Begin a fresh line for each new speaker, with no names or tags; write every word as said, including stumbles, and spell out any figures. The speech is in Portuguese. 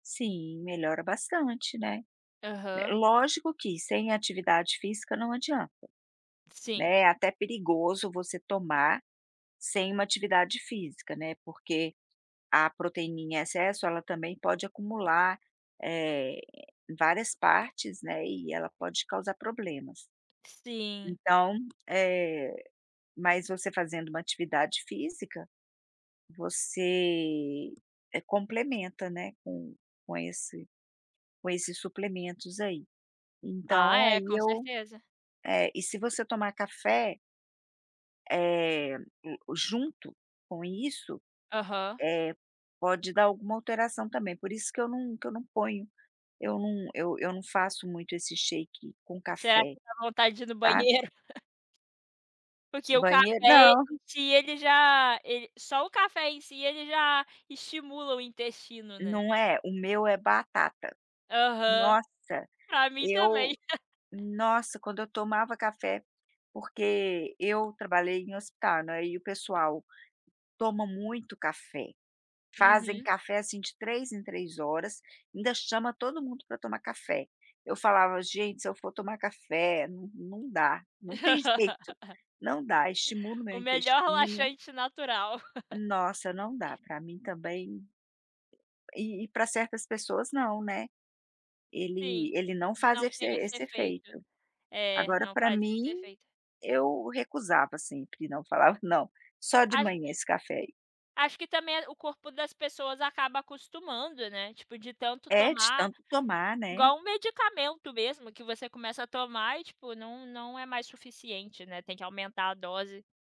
Sim, melhora bastante, né?
Aham.
Lógico que sem atividade física não adianta.
Sim.
Né, até perigoso você tomar sem uma atividade física, né, porque, a proteína em excesso ela também pode acumular, eh, várias partes, né, e ela pode causar problemas.
Sim.
Então, eh, mas você fazendo uma atividade física, você complementa, né, com com esse com esses suplementos aí.
Ah
Então
é,
aí
com
eu,
certeza.
eh, e se você tomar café eh, junto com isso,
Aham.
eh, pode dar alguma alteração também, por isso que eu não que eu não ponho eu não eu eu não faço muito esse shake com
Será
café,
que dá vontade de ir no
sabe?
banheiro? Porque o
Banheiro
café
não.
em si ele já ele só o café em si ele já estimula o intestino, né?
Não é, o meu é batata.
Aham,
Nossa,
para mim
eu
também.
nossa quando eu tomava café, porque eu trabalhei em hospital não é, e o pessoal toma muito café, fazem
Uhum.
café, assim, de três em três horas, ainda chama todo mundo para tomar café. Eu falava: "Gente, se eu for tomar café não não dá, não tem jeito, não dá estimula o meu
O melhor
intestino".
laxante natural.
Nossa, não dá, para mim também, e e para certas pessoas nã, né? Ele
Sim,
ele não faz
não
esse
tem esse
esse
efeito,
efeito. Agora
não
para
faz
mim,
esse efeito.
eu recusava sempre, não, falava não, só de
Acho
manhã esse café aí.
acho que também o corpo das pessoas acaba acostumando, né, tipo de tanto
É, de
tomar,
tanto tomar, né?
igual um medicamento mesmo que você começa a tomar e tipo não não é mais suficiente, né, tem que aumentar a dose.